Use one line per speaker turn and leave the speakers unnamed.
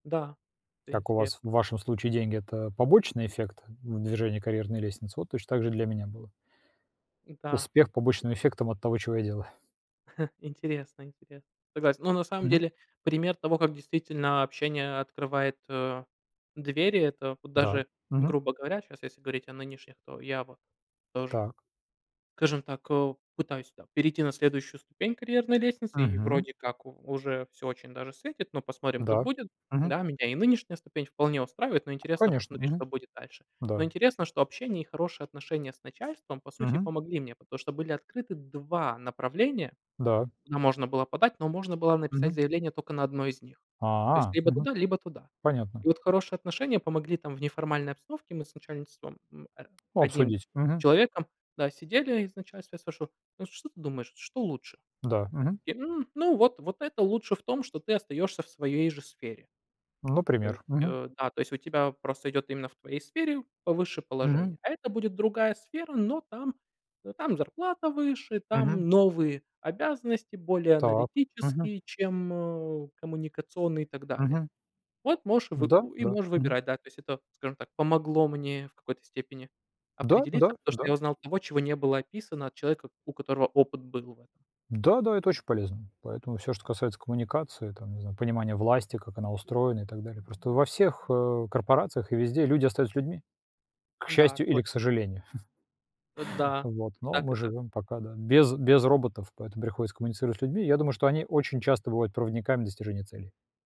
Да. Это
Как у вас,
интересно.
в вашем случае деньги- это побочный эффект в движении карьерной лестницы? Вот точно так же и для меня было.
Да.
Успех побочным эффектом от того, чего я делаю.
Интересно интересно, согласен. Ну, на самом
Мгм.
деле, пример того, как действительно общение открывает, э, двери- это вот
Да.
даже,
Мгм.
грубо говоря, щас, если говорить о нынешних, то я вот тоже,
Так.
скажем так, эу, пытаюсь там перейти на следующую ступень карьерной лестницы, и
Мгм.
вроде как у уже всё очень даже светит, но посмотрим, как
Да.
будет.
Мгм.
Да, меня и нынешняя ступень вполне устраивает, но интересно
Конечно,
посмотреть, что
мгм,
будет дальше. Но
да.
интересно, что общение и хорошие отношения с начальством по сути
Мгм.
помогли мне, потому что были открыты 2 направления,
Да.
куда можно было подать, но можно было написать
Мгм.
заявление тока на 1 из них. То есть
А,
либо
мгм.
туда, либо туда.
Понятно.
И вот хорошие отношения помогли там в неформальной обстановке Мы с начальством, м, э,
Ну,
1
обсудить. Мгм.
человеком, да, сидели, и с начальством я слышу: "Ну вот что ты думаешь, что лучше?"
Да.
И
Мгм.
такие: "М, ну, вот вот это лучше в том, что ты остаешься в своей же сфере". То есть,
Например. Мгм.
э, да, то есть у тебя просто идет именно в твоей сфере повыше положение,
Мгм.
а это будет другая сфера, но там но там зарплата выше,
Мгм.
там новые обязанности более
Так. Мгм.
аналитические, чем, э, коммуникационные и так далее.
Мгм.
Вот можешь вы
Да
ну и
да.
можешь
Мгм.
выбирать. Да, то есть это, скажем так, помогло мне в какой-то степени
Да
определиться,
да
потому что
да.
я узнал того, чего не было описано, от человека, у которого опыт был в этом.
Да да, это очень полезно, поэтому всё, что касается коммуникации, там, не знаю, понимания власти, как она устроена и так далее, просто во всех, э, корпорациях и везде люди остаются людьми, к
Да,
счастью или к
точно.
сожалению.
Э, да,
Вот,
и
но
так, и
мы
так.
живём пока, да, без без роботов, поэтому приходится коммуницировать с людьми. Я думаю, что они очень часто бывают проводниками достижения целей.